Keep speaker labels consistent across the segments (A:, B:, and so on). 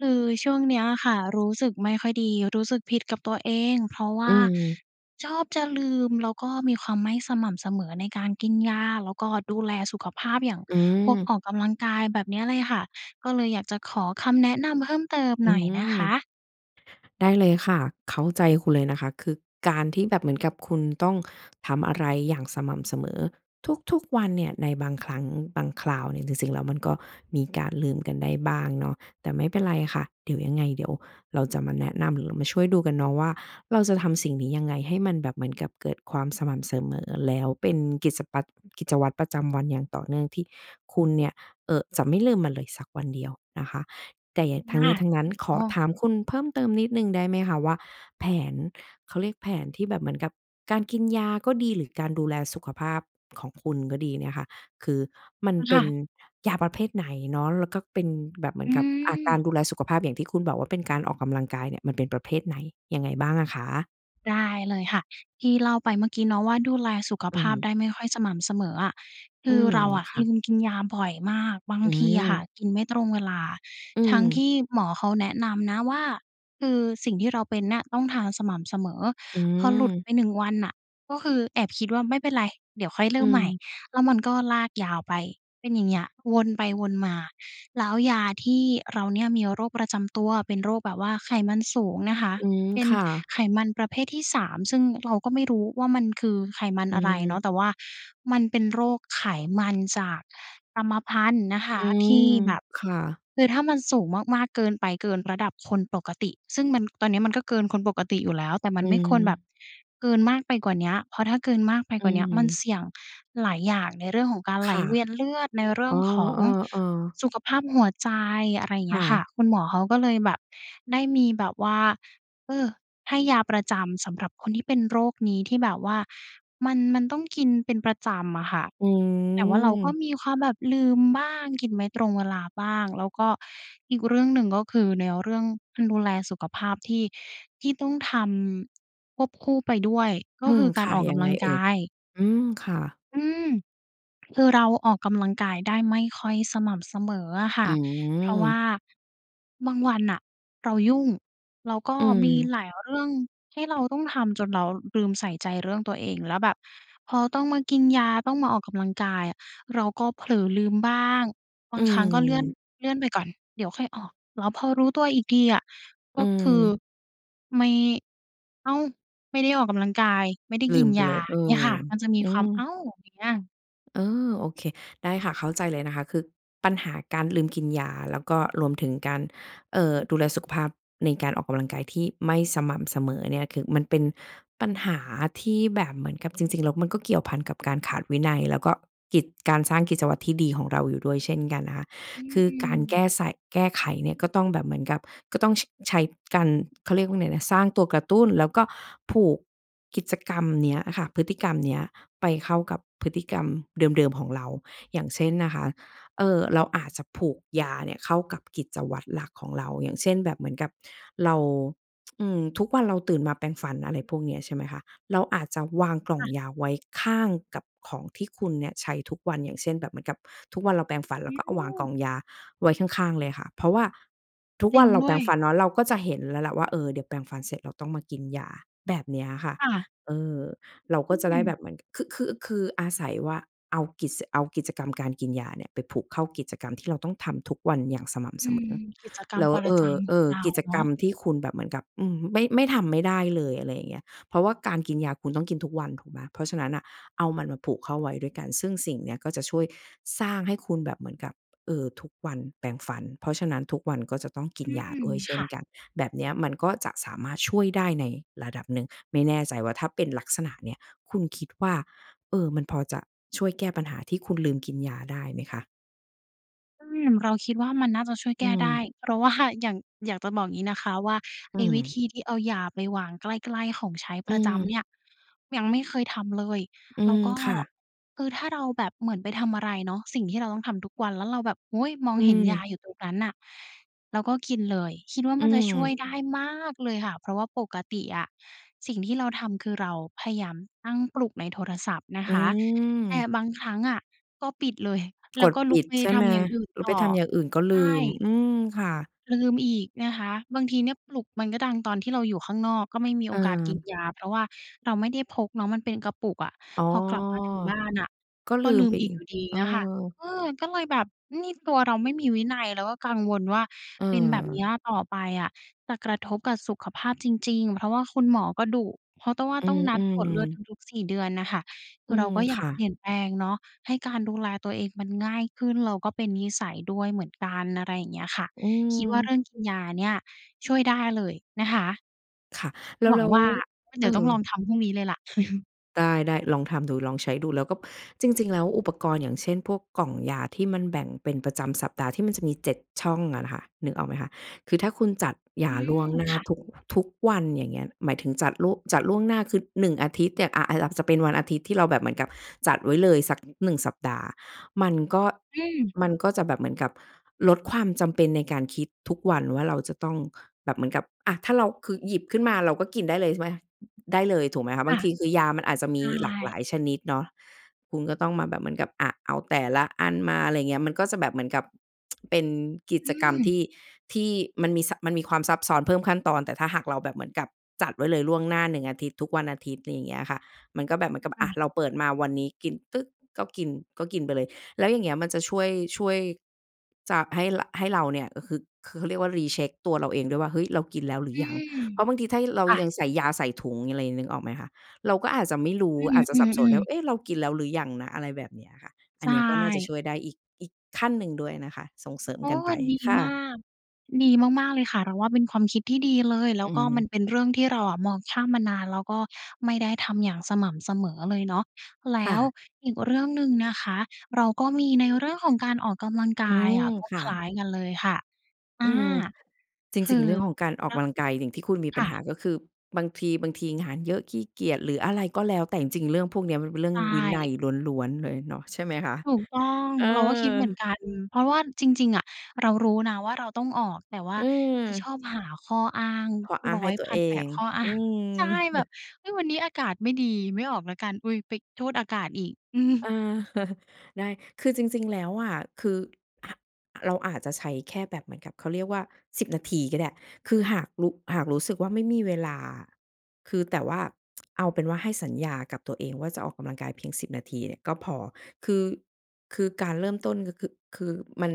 A: คือช่วงเนี้ยค่ะรู้สึกไม่ค่อยดี รู้สึกผิดกับตัวเอง เพราะว่
B: อื
A: า
B: ม
A: ชอบจะลืมแล้วก็มีความไม่สม่ำเสมอในการกินยา แล้วก็ดูแลสุขภาพอย่าง
B: อื
A: พวก
B: ม
A: ออกกำลังกาย แบบเนี้ยเลยค่ะ ก็เลยอยากจะขอคำแนะนำเพิ่มเติม
B: อ
A: ห
B: ื
A: น่อยนะ
B: ม
A: คะ?
B: ได้เลยค่ะ เข้าใจคุณเลยนะคะ คือ การที่แบบเหมือนกับคุณต้องทำอะไรอย่างสม่ำเสมอทุก ๆ วันเนี่ย ในบางครั้งบางคราวเนี่ยจริง ๆ แล้วมันก็มีการลืมกันได้บ้างเนาะ แต่ไม่เป็นไรค่ะ เดี๋ยวยังไง เดี๋ยวเราจะมาแนะนำหรือมาช่วยดูกันเนาะว่า เราจะทำสิ่งนี้ยังไงให้มันแบบเหมือนกับเกิดความสม่ำเสมอแล้วเป็นกิจสปั๊ด กิจวัตรประจำวันอย่างต่อเนื่องที่คุณเนี่ย เอ่อ จะไม่ลืมมันเลยสักวันเดียวนะคะ แต่หยะ ท
A: ค
B: ั้งน
A: ่ะ
B: ี้ทั้งนั้
A: อ
B: น
A: ือ
B: ข
A: อ๋
B: อ
A: อ
B: ถามคุณเพิ่มเติมนิดหนึ่งได้ไหมคะ? ว่า แผน เขาเรียกแผนที่แบบเหมือนกับการกินยาก็ดี หรือการดูแลสุขภาพของคุณก็ดีเนี่ยค่ะ คือมันเ
A: ค
B: ป
A: ่
B: ็น
A: ะ
B: ยาประเภทไหนเนาะ แล้วก็เป็นแบบเหมื
A: อ
B: อ
A: ื
B: นกับ อ่า ก
A: ม
B: ารดูแลสุขภาพอย่างที่คุณบอกว่า เป็นการออกกำลังกายเนี่ย มันเป็นประเภทไหน ยังไงบ้างอะคะ?
A: ได้เลยค่ะ ที่เล่าไปเมื่อกี้เนาะว่า ดูแลสุข
B: อื
A: ภ
B: อ
A: า
B: ฮ
A: พ
B: ึ
A: ได้ไม่ค่อยสม่ำเสมออะ ค
B: อื
A: ือ
B: ม
A: เราอะ
B: ค่
A: ล
B: ะ
A: ืมกินยาบ่อยมาก บาง
B: อื
A: ทีอะค่ะ
B: ม
A: กินไม่ตรงเวลา
B: อื
A: ทั้งท
B: ม
A: ี่หมอเขาแนะนำนะว่า คือสิ่งที่เราเป็นเนี่ยต้องทานสม่ำเสมอ
B: อื
A: พอหลุด
B: ม
A: ไปหนึ่งวันน่ะก็คือแอบคิดว่า ไม่เป็นไร เดี๋ยวค่อยเร
B: อ
A: ิ่มใหม่
B: ืม
A: แล้วมันก็ลากยาวไป เป็นอย่างเงี้ยวนไปวนมา แล้วยาที่ เราเนี่ยมีโรคประจำเป็นโรคแบบว่าไขมันสูงเนี่ยคะ
B: อืม
A: เป็น
B: ค่ะ
A: ไขมันประเภทที่ 3 ซึ่งเราก็ไม่รู้ว่า มันคือไขมัน
B: อื
A: อะไรเน
B: ม
A: าะ แต่ว่ามันเป็นโรคไขมันจากกรรมพันธุ์นะค
B: อ
A: ะ
B: ื
A: ที
B: ม
A: ่แบบ
B: ค่ะ
A: คือถ้ามันสูงมาก ๆ เกินไป เกินระดับคนปกติ ซึ่งมัน ตอนเนี้ยมันก็เกินคนปกติอยู่แล้ว แต่ม
B: อ
A: ันไม่ควรแบ
B: ื
A: บ
B: ม
A: เกินมากไปกว่าเนี้ย เพราะถ้าเกินมากไป
B: อ
A: กว่าเนี้ยมัน
B: ืม
A: เสี่ยงหลายอย่าง ในเรื่องของการไห
B: ค
A: ล
B: ่ะ
A: เวียนเลือด ในเรื
B: อ
A: ่
B: ๋
A: อ
B: อ
A: งของ
B: เออ ๆ
A: สุขภาพหัวใจ อะไรเ
B: ค
A: งี
B: ่
A: ้ยค่ะ
B: ะ
A: คุณหมอเขาก็เลยแบบได้มีแบบว่า เออ ให้ยาประจำสำหรับคนที่เป็นโรคนี้ที่แบบว่ามัน มันต้องกินเป็นประจำอะค่ะ
B: อ
A: แต่ว่าเราก็
B: ืม
A: มีความแบบลืมบ้าง กินไม่ตรงเวลาบ้าง แล้วก็อีกเรื่องหนึ่งก็คือแนวเรื่องการดูแลสุขภาพที่ ที่ต้องทำควบคู่ไปด้วย ก็
B: อื
A: คื
B: ม
A: อกา
B: ค
A: ร
B: ่ะ
A: ออก
B: ย
A: ก
B: ัง
A: ำ
B: ไ
A: ล
B: ง
A: ัง
B: เอ
A: ก
B: ่ย?
A: าย
B: อืม ค่ะ
A: อืม คือเราออกกำลังกายได้ไม่ค่อยสม่ำเสมออะค
B: อ
A: ่
B: ื
A: ะ เพราะว่
B: ม
A: า บางวันน่ะเรายุ่ง แล้วก็
B: อื
A: มี
B: ม
A: หลายเรื่องที่เราต้องทำจนเราลืมใส่ใจเรื่องตัวเอง แล้วแบบพอต้องมากินยา ต้องมาออกกำลังกายอะ เราก็เผลอลืมบ้าง บ
B: อ
A: า
B: ื
A: งครั้งก็เลื่อน
B: ม
A: เลื่อนไปก่อน เดี๋ยวค่อยออก แล้วพอรู้ตัวอีกทีอะก
B: อื
A: ็คือ
B: ม
A: ไม่ อ้าว! ไม่ได้ออกกำลังกาย ไม่ได้
B: ลื
A: กิน
B: มไป
A: ย
B: เล
A: า
B: ย เออ
A: เงี้ยค่ะ มันจะมี
B: อื
A: ความ "อ้
B: ม
A: าว!" อย่างเงี้ย
B: เออ! โอเค ได้ค่ะ เข้าใจเลยนะคะ คือปัญหาการลืมกินยา แล้วก็รวมถึงการ เอ่อ ดูแลสุขภาพในการออกกำลังกายที่ไม่สม่ำเสมอเนี่ย คือมันเป็นปัญหาที่แบบเหมือนกับจริง ๆ แล้วมันก็เกี่ยวพันกับการขาดวินัย แล้วก็กิจ การสร้างกิจวัตรที่ดีของเราอยู่ด้วยเช่นกันนะคะ
A: อื
B: คือการแก
A: ม
B: ้ใส่ แก้ไขเนี่ย ก็ต้องแบบเหมือนกับ ก็ต้อง ช ใช้กัน เขาเรียกว่าไงนะ สร้างตัวกระตุ้นแล้วก็ผูกกิจกรรมเนี้ยค่ะ พฤติกรรมเนี้ยไปเข้ากับพฤติกรรมเดิม ๆ ของเรา อย่างเช่นนะคะ เออ เราอาจจะผูกยาเนี่ยเข้ากับกิจวัตรหลักของเรา อย่างเช่น แบบเหมือนกับเรา อืม ทุกวัน เราตื่นมาแปรงฟัน อะไรพวกเนี้ย ใช่ไหมคะ เราอาจจะวางกล่
A: ค
B: อง
A: ่ะ
B: ยาไว้ข้างกับของที่คุณเนี่ยใช้ทุกวัน อย่างเช่น แบบเหมือนกับทุกวันเราแปรงฟัน เร
A: อ
B: า
A: ื
B: ก็เอาวางกล่อง
A: ม
B: ยาไว้ข้าง ๆ เลยค่ะ เพราะว่าทุก
A: จร
B: ว
A: ิ
B: ั
A: ง
B: นเรา
A: ด
B: แป
A: ้
B: ร
A: ว
B: งฟ
A: ย
B: ันเนาะ เราก็จะเห็นแล้วแหละว่า เออ เดี๋ยวแปรงฟันเสร็จเราต้องมากินยา แบบเนี้ยอะค่ะ
A: ค่ะ
B: เออ เรา
A: อ
B: ก
A: ื
B: ็จะได้แบ
A: ม
B: บเหมือน คึ คึ คืออาศัยว่า เอากิจ ส เอากิจกรรมการกินยาเนี่ยไปผูกเข้ากิจกรรมที่เราต้องทำทุกวันอย่างสม่ำ
A: อื
B: เสม
A: ม
B: อ
A: กิจกรร
B: แล
A: ม
B: ้ว
A: ปร
B: เอ
A: ะจ
B: อ
A: ำ
B: เ
A: ข
B: อ
A: อง
B: อ
A: เรา
B: กิจ
A: เนา
B: กร
A: ะ
B: รมที่คุณแบบเหมือนกับ อืม ไม่ ไม่ทำไม่ได้เลย อะไรอย่างเงี้ย เพราะว่าการกินยา คุณต้องกินทุกวันถูกไหม? เพราะฉะนั้นน่ะเอามันมาผูกเข้าไว้ด้วยกัน ซึ่งสิ่งนี้ก็จะช่วยสร้างให้คุณแบบเหมือนกับ เออ ทุกวันแปรงฟัน เพราะฉะนั้นทุกวันก็จะต้องกิน
A: อื
B: ยา
A: ม
B: ด้วยเช
A: ค
B: ่
A: ่
B: น
A: ะ
B: กัน แบบเนี้ยมันก็จะสามารถช่วยได้ในระดับหนึ่ง ไม่แน่ใจว่าถ้าเป็นลักษณะเนี้ย คุณคิดว่า เออ มันพอจะช่วยแก้ปัญหาที่คุณลืมกินยาได้ไหมคะ?
A: อืม เราคิดว่า มันน่าจะช่วยแ
B: อ
A: ก
B: ื
A: ้ได้
B: ม
A: เพราะ ว่า อย่าง อยากจะบอกงี้นะคะว่า ไ
B: อ
A: อ
B: ื
A: ้วิธ
B: ม
A: ีที่เอายาไปวางใกล้ ๆ ของใช้ป
B: อื
A: ระจำเน
B: ม
A: ี่ยยังไม่เคยทำเลย
B: อื
A: แล้ว
B: ม
A: ก็
B: ค่ะ
A: คือถ้าเราแบบเหมือนไปทำอะไรเนาะสิ่งที่เราต้องทำทุกวัน แล้วเราแบบ โอ้โฮ มอง
B: อื
A: เห็นยา
B: ม
A: อยู่ตรงนั้นน่ะแล้วก็กินเลย คิดว่า
B: อ
A: ม
B: ื
A: ันจะช่ว
B: ม
A: ยได้มากเลยค่ะ เพราะว่าปกติอะสิ่งที่เราทำคือเราพยายามตั้งปลุกในโทรศัพท์นะ
B: อ
A: ค
B: ื
A: ะ แต่
B: ม
A: บางครั้งอะ ก็ปิดเลย แล
B: ก
A: ้ว
B: ด
A: ก็ล
B: ป
A: ุก
B: ิด
A: ไป
B: ใช่
A: ท
B: ไหม
A: ำอย่างอื่น
B: แล้
A: ต
B: ว
A: ่
B: ไป
A: อ
B: ทำอย่างอื่นก็
A: ใช
B: ลืม
A: ่
B: อืม ค่ะ
A: ลืมอีกเนี่ยคะ บางทีเนี่ยปลุกมันก็ดังตอนที่เราอยู่ข้างนอก ก็ไม่มีโอกาสกิน
B: เออ
A: ยา เพราะว่าเราไม่ได้พกเนาะ มันเป็นกระปุกอะ
B: อ๋อ
A: พอกลับมาถึงบ้านน่ะ
B: ก็
A: ก
B: ล
A: ็
B: ื
A: ล
B: ม
A: ื
B: ไ
A: ม
B: ป
A: อี
B: อี
A: ก
B: ก
A: อยู่ดี
B: เอ
A: เ
B: อ
A: งี้ยค่ะ เออ ก็เลยแบบนี่ตัวเราไม่มีวินัย เราก็กังวลว่า
B: เ
A: เป็นแบบเ
B: ออ
A: นี้ยต่อไปอะจะกระทบกะสุขภาพจริง ๆ เพราะว่าคุณหมอก็ดุ เพราะต้อ ว่า
B: อื
A: ต้องนัดตรว
B: ม
A: จเลือด
B: ๆ
A: ทุก ๆ 4 เดือนน่ะค่ะ ค
B: อ
A: ื
B: ื
A: อเรา
B: ม
A: ก็อย
B: ค
A: าก
B: ่
A: เ
B: ะ
A: ปลี่ยนแปลงเนาะให้การดูแลตัวเองมันง่ายขึ้น แล้วก็เป็นนิสัยด้วยเหมือนกัน อะไรอย่างเงี้ยค่ะ
B: อื
A: คิดว่า เ
B: ม
A: รื่องกินยาเนี่ยช่วยได้เลยนะคะ
B: ค่ะ แล้ว
A: หว
B: แ
A: ั
B: ล
A: ง
B: ้ว
A: ว่า งั้นเ
B: เ
A: ด
B: อ
A: ี๋ยวต้องล
B: อ
A: องทำพรุ่งนี้เลยล่ะ
B: ได้ ๆ ลองทำดู ลองใช้ดู แล้วก็ จริง ๆ แล้วอุปกรณ์ อย่างเช่น พวกกล่องยาที่มันแบ่งเป็นประจำสัปดาห์ที่มันจะมี 7 ช่องอะนะคะ นึกออกไหมคะ คือถ้าคุณจัดย
A: อื
B: าล่
A: ม
B: วงหน้
A: ค
B: า
A: ่ะ
B: ทุก ทุกวัน อย่างเงี้ย หมายถึงจัดลุ จัดล่วงหน้าคือ 1 อาทิตย์เนี่ย อะ ไอ้ อับสะ เป็นวันอาทิตย์ที่เราแบบเหมือนกับจัดไว้เลยสัก 1 สัปดาห์ มันก็
A: อืม
B: มันก็จะแบบเหมือนกับลดความจำเป็นในการคิดทุกวันว่า เราจะต้อง แบบเหมือนกับ อะ ถ้าเรา คือหยิบขึ้นมาเราก็กินได้เลยใช่ไหมคะ? ได้เลยถูกไหมคะ?
A: ค
B: บ
A: ่
B: า
A: ะ
B: งทีคือยามันอาจจะม
A: ใช
B: ีหลากหล
A: ่
B: ายชนิดเนาะ คุณก็ต้องมาแบบเหมือนกับ อะ เอาแต่ละอันมา อะไรเงี้ย มันก็จะแบบเหมือนกับ เป็นกิ
A: อื
B: จกรรมท
A: ม
B: ี่ ที่มันมีซับ มันมีความซับซ้อน เพิ่มขั้นตอน แต่ถ้าหากเราแบบเหมือนกับจัดไว้เลยล่วงหน้า 1 อาทิตย์ ทุกวันอาทิตย์ อะไรเงี้ยค่ะ มันก็แบบเหมือนกับ
A: ค่
B: อะ
A: ะ
B: เราเปิดมาวันนี้กินตึ๊ก ก็กิน ก็กินไปเลย แล้วอย่างเงี้ยมันจะช่วย ช่วย จะให้ ร ให้เราเนี่ย ก็คือ คือเขาเรียกว่า re-check ตัวเราเองด้วยว่า "เฮ้ย! เรากินแล้วหรื
A: อื
B: อยัง"
A: ม
B: เพราะบางทีถ้าให้ เรา
A: ค่
B: ย
A: ะ
B: ังใส่ยา ใส่ถุงอะไร นึกออกไหมคะ เราก็อาจจะไม่รู้
A: อ
B: อาจจะ
A: ื
B: สับสนได
A: อ
B: ้
A: ๆ
B: ว
A: ๆ
B: ่า "เอ๊ะ! เรากินแล้วหรือยังนะ" อะไรแบบเนี้ยค่ะ
A: ใ
B: อั
A: ช
B: นเนี้ยก็น่าจะ
A: ่
B: ช่วยได้อีก อีกขั้นหนึ่งด้วยนะคะ ส่งเสริม
A: โอ้!
B: กันไ
A: ว
B: ป
A: ัน ดี
B: ค่
A: มา
B: ะ
A: ก ดีมาก ๆ เลยค่ะ เราว่าเป็นความคิดที่ดีเลย แล้
B: อื
A: วก็มัน
B: ม
A: เป็นเรื่องที่เราอะมองข้ามมานานแล้วก็ไม่ได้ทำอย่างสม่ำเสมอเลยเนาะ แล
B: ค
A: ้
B: ่
A: ว
B: ะ
A: อีกเรื่องหนึ่งนะคะ เราก็มีในเรื่องของการออกกำลังก
B: อื
A: าย
B: ม
A: อะก็
B: ค่
A: คล้า
B: ะ
A: ยกันเลยค่ะ อ
B: อ
A: า
B: ืม จ
A: คื
B: ริง ๆ
A: อ
B: เรื่องของการออก
A: ร
B: กำลังกายหลิ่งที่คุณมี
A: ค
B: ปั
A: ่
B: ญหา
A: ะ
B: ก็คือ บางที บางทีงานเยอะ ขี้เกียจ หรืออะไรก็แล้วแต่จริง ๆ เรื่องพวกเนี้ยมันเป็นเรื่อ
A: ใช
B: งวินั
A: ่
B: ยล้วน ๆ เลยเนาะใช่ไหมคะ?
A: ถูกต้อง
B: เออ
A: เราก็คิดเหมือนกัน เพราะเราว่าจริง ๆ อะ เรารู้นะว่า เราต้องออก แต่ว่าจะช
B: เออ
A: อบหาข้ออ้าง
B: ข้ออ้า
A: ร
B: ง
A: ้
B: ใ
A: อ
B: ห้
A: ย
B: ตั
A: พ
B: ว
A: ั
B: เ
A: น
B: อ
A: แปด
B: ง
A: ข้อ อ้
B: อ
A: า
B: ื
A: ง ใช่
B: ม
A: แบบ เฮ้ย! วันนี้อากาศไม่ดี ไม่ออกแล้วกัน อุ๊ย! ไปโทษอากาศอีก อืม
B: อา ได้ คือจริง ๆ แล้วอะ คือ อ เราอาจจะใช้แค่แบบเหมือนกับ เขาเรียกว่า 10 นาทีก็ได้ คือหากรุ หากรู้สึกว่าไม่มีเวลาอะ คือแต่ว่า เอาเป็นว่าให้สัญญากับตัวเองว่าจะออกกำลังกายเพียง 10 นาทีเนี่ยก็พอ คือ คือการเริ่มต้นก็ ค คือมัน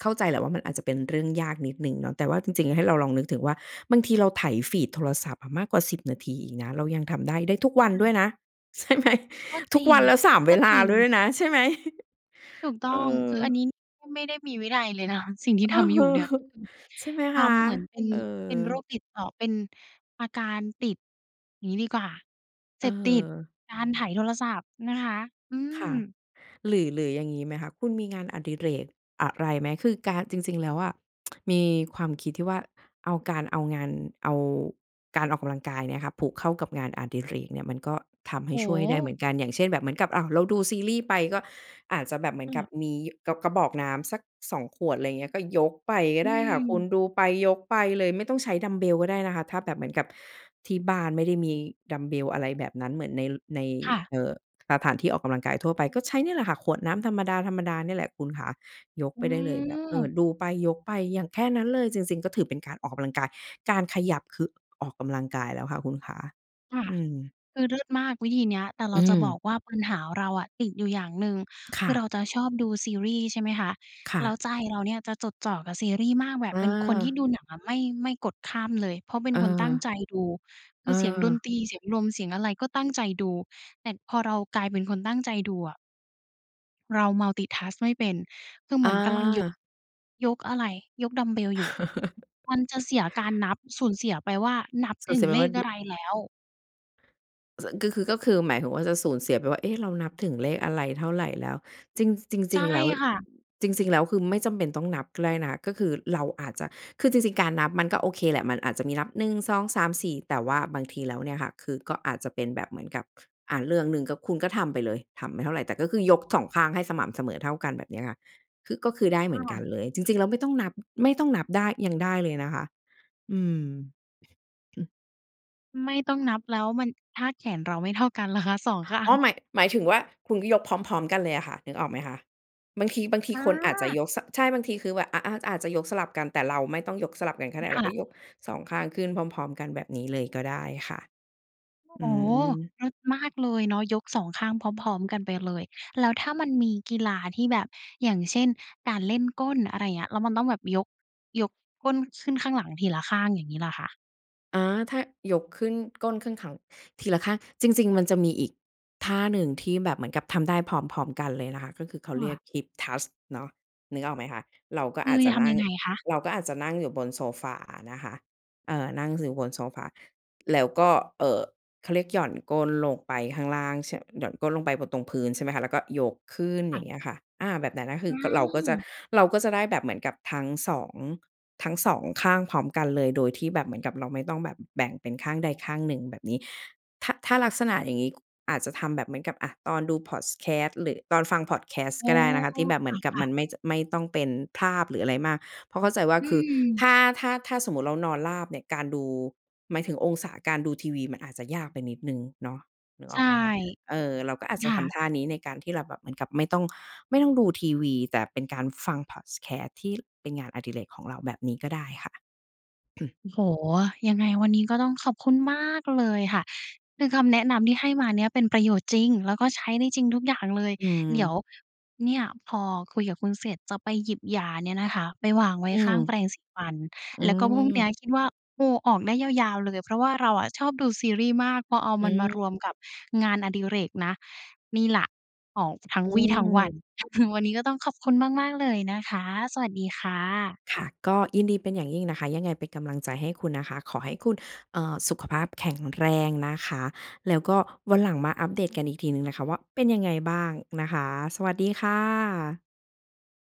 B: เข้าใจแหละว่า มันอาจจะเป็นเรื่องยากนิดหนึ่งเนาะ แต่ว่าจริง ๆ ให้เราลองนึกถึงว่า บางทีเราไถฟีดโทรศัพท์อะมากกว่า 10 นาทีอีกนะ เรายังทำได้ ได้ ทุก
A: อื
B: ว
A: ม
B: ั
A: ใ
B: น
A: ช
B: ด้ว
A: ่
B: ยนะ ใช่ไหม?
A: ก็จ
B: ทุ
A: ร
B: ก
A: ิ
B: ว
A: ง
B: ันแล้ว 3
A: ก
B: เว
A: ็
B: ล
A: จ
B: า
A: ริง
B: ด้วยนะใช่ไหม?
A: ถูกต้อ
B: เอ
A: ง
B: อ
A: คืออันนี้ ไม่ได้มีวินัยเลย นะ สิ่งที่
B: อ
A: ท
B: ือ
A: ำอ
B: ฮ
A: ยู
B: ึ
A: ่เนี่ย ก็คือ
B: ใช่ไหม
A: ท
B: คะ?
A: ำเหมือนเป็น
B: เออ
A: เป็นโรคติดต่อ เป็นอาการติด งี้ดีกว่า เ
B: อ
A: ส
B: ื
A: พ
B: อฮ
A: ติ
B: ึ
A: ด การไถโทรศัพท์นะคะ อื
B: ค่ะ
A: ม
B: หรือ หรืออย่างงี้ไหมคะ คุณมีงานอดิเรกอะไรไหม? คือการ จริง ๆ แล้วอะ มีความคิดที่ว่าเอาการเอางาน เอา การออกกำลังกายเนี่ยคะ ผูกเข้ากับงานอดิเรกเนี่ย มันก็ทำให
A: โอ
B: ้
A: ้
B: ช่
A: โ
B: วยได้เหม
A: ฮ!
B: ือนกัน อย่างเช่น แบบเหมือนกับ อ้าว เราดูซีรีส์ไปก็อาจจะแบบเหมือนก
A: เ
B: ับ
A: ออ
B: มีกระ กระบอกน้ำสัก 2 ขวด อะไรเงี้ย ก็ยกไปก็
A: อื
B: ได้ค่ะคุณ
A: ม
B: ดูไปยกไปเลยไม่ต้องใช้ดัมบ์เบลก็ได้นะคะ ถ้าแบบเหมือนกับที่บ้านไม่ได้มีดัมบ์เบล อะไรแบบนั้น เหมือนใน ล ใน
A: ค่ะ
B: เอ่อ สถาน ที่ออกกำลังกายทั่วไป ก็ใช้เนี่ยแหละค่ะ ขวดน้ำธรรมดา ๆ นี่แหละคุณขา ยก
A: อื
B: ไปได้เลยแบบ เอ่
A: ม
B: อ ดูไปยกไปอย่าง แค่นั้นเลย จริง ๆ ก็ถือเป็นการออกกำลังกาย การขยับ คือ ออกกำลังกายแล้วค่ะคุณขา
A: ค่ะ
B: อืม
A: คือเลิศมากวิธีเนี้ย แต่เร
B: อื
A: าจะบอก
B: ม
A: ว่า ปัญหาเราอะติดอยู่อย่างหนึ่ง
B: ค
A: ค
B: ่
A: ือเร
B: ะ
A: าจะชอบดูซีรีส์ ใช่ไหมคะ
B: ค่
A: แล้
B: ะ
A: วใจเราเนี่ยจะจดจ่อกับซีรีส์มาก แบบ
B: อ
A: เป็นคนที่
B: า
A: ดูหนังอะไม่ ไม่กดข้ามเลย เพราะเป็
B: เ
A: นคนตั้ง
B: ออ
A: ใจดู คือเสียงดน
B: เออ
A: ตรี เสียงลม เสียงอะไรก็ตั้งใจดู แต่ พอเรากลายเป็นคนตั้งใจดูอะ เรา multitask ไม่เป็น คือเหม
B: อ
A: ือนกำลังยก
B: า
A: "ยกอะไร? ยกดัมบ์เบลอยู่" มันจะเสียการนับ สูญเสียไปว่านับ
B: ส
A: ถ
B: ง
A: ึ
B: ส
A: ง
B: ัยแบ
A: เล
B: บว่
A: ข
B: าด
A: อ
B: ุ
A: ะไรแล้ว
B: ส ก็คือ ก็คือหมายถึงว่าจะสูญเสียไปว่า เอ๊ะ เรานับถึงเลขอะไรเท่าไรแล้ว? จริง ส จ
A: ใช
B: ร
A: ่
B: ิง ๆ แล้ว
A: ค่ะ
B: จริง ๆ แล้วคือไม่จำเป็นต้องนับก็ได้นะ ก็คือเราอาจจะ คือจริง ๆ การนับมันก็โอเคแหละ มันอาจจะมีนับ 1 2 3 4 แต่ว่าบางทีแล้วเนี่ยค่ะ คือก็อาจจะเป็นแบบเหมือนกับ ค อา เรื่องหนึ่งก็ คุณก็ทำไปเลย ทำไม่เท่าไร แต่ก็คือยกสองข้างให้สม่ำเสมอเท่ากัน แบบเนี้ยค่ะ คือ ก็คือได้เห
A: ค
B: มือน
A: ่
B: กั
A: ะ
B: นเลย จริง ๆ แล้วไม่ต้องนับ ไม่ต้องนับได้ ยังได้เลยนะคะ อืม
A: ไม่ต้องนับแล้วมัน ถ้าแขนเราไม่เท่ากันล่ะคะ? 2 ข้า
B: อ้
A: ง
B: อ หมาย หมายถึงว่า คุณก็ยกพร้อม ๆ กันเลยอะค่ะ นึกออกไหมคะ? บางที บางที
A: อ
B: คนอาจจะ
A: า
B: ยก ส ใช่ บางทีคือ ว อ อา อาจจะยกสลับกัน แต่เราไม่ต้องยกสลับกันก็ได้
A: ค
B: เร
A: ่
B: าก็
A: ะ
B: ยก 2 ข้างขึ้นพร้อม ๆ กันแบบนี้เลยก็ได้ค่ะ
A: โอ้
B: อ
A: โฮ!
B: ืม
A: เลิศมากเลยเนาะ ยก 2 ข้างพร้อม ๆ กันไปเลย แล้วถ้ามันมีกีฬาที่แบบ อย่างเช่น การเล่นก้น อะไรอย่างเงี้ย แล้วมันต้องแบบยก ยกก้นขึ้นข้างหลังทีละข้าง อย่างงี้ล่ะคะ?
B: อา ถ้า ยกขึ้น ก้นขึ้นขัง ทีละข้าง จริง ๆ มันจะมีอีกท่าหนึ่งที่แบบเหมือนกับทำได้พร้อม ๆ กันเลยนะคะ ก็คือเข
A: ค
B: าเร
A: ่
B: ีย
A: ะ
B: ก Hip Thrust เนาะ นึกออกไหมคะ? เราก็
A: คื
B: อา
A: อ
B: จจ
A: จ
B: ะ
A: ะท
B: นั
A: ำ
B: ่
A: ยั
B: ง
A: งไงคะ?
B: เราก็อาจจะนั่งอยู่บนโซฟาอะนะคะ เออ นั่งอยู่ บนโซฟา แล้วก็ เอ่อ เขาเรียกหย่อนก้นลงไปข้างล่าง ช หย่อนก้นลงไปบนตรงพื้น ใช่ไหมคะ แล้วก็ยกขึ้น
A: ค
B: อ
A: ่
B: ย่
A: ะ
B: างเงี้ยค่ะ อา แบบไหนนั้นน่ะค
A: อ
B: ื
A: ื
B: อ ก เราก็จะ
A: ม
B: เราก็จะได้แบบเหมือนกับทั้งสอง ทั้ง 2 ข้างพร้อมกันเลย โดยที่แบบเหมือนกับเราไม่ต้องแบบแบ่งเป็นข้างใดข้างหนึ่ง แบบนี้ ถ้า ถ้าลักษณะอย่างงี้ อาจจะทำแบบเหมือนกับ อา ตอนดูพอดแคสต์ หรือ ตอนฟังพอดแคสต
A: โอ
B: ์
A: ้!
B: ก็ได้นะคะ ที่แบบเหมือนกั
A: ค
B: บ
A: ่ะ
B: มั
A: ๆ
B: นไม่ จ ไม่ต้องเป็นภาพหรืออะไรมาก เพราะเข้าใจว่า
A: อื
B: คือ
A: ม
B: ถ้า ถ้า ถ้าสมมุติเรานอนราบเนี่ย การดู หมายถึงองศาการดูทีวีมันอาจจะยากไปนิดหนึ่งเนาะ นึก
A: ใช
B: อ
A: ่
B: อกไหมคะ? เออ เราก็อาจ
A: ค
B: จะ
A: ่
B: ท
A: ะ
B: ำท่านี้ในการที่เราแบบเหมือนกับไม่ต้อง ไม่ต้องดูทีวี แต่เป็นการฟังพอดแคสต์ที่เป็นงานอดิเรกของเราแบบนี้ก็ได้ค่ะ
A: โอ้โฮ! ยังไงวันนี้ก็ต้องขอบคุณมากเลยค่ะ คือคำแนะนำที่ให้มาเนี่ยเป็นประโยชน์จริง แล้วก็ใช้ได้จริงทุกอย่างเลย
B: อื
A: เดี๋ยว
B: อ
A: เนี่ยพอคุยกับคุณเสร็จ จะไปหยิบยาเนี่ยนะคะไปวางไว้
B: อื
A: ข้างแป
B: ม
A: รงสีฟัน
B: อื
A: แล้วก็พรุ่งนี้
B: ม
A: อะคิดว่า โอ้ ออกได้ยาว ๆ เลย เพราะว่าเราอะชอบดูซีรีส์มาก พอเอา
B: อื
A: มันมาร
B: อ
A: วมกับงานอดิเรกนะ นี่ล่ะออกทั้ง
B: อื
A: วี่ทั้งวัน
B: ม
A: วันนี้ก็ต้องขอบคุณมาก ๆ เลยนะคะ สวัสดีค่ะ
B: ค่ะ ก็ยินดีเป็นอย่างยิ่งนะคะ ยังไงเป็นกำลังใจให้คุณนะคะ ขอให้คุณ เอ่อ สุขภาพแข็งแรงนะคะ แล้วก็วันหลังมาอัปเดตกันอีกทีหนึ่งนะคะว่า เป็นยังไงบ้างนะคะ สวัสดีค่ะ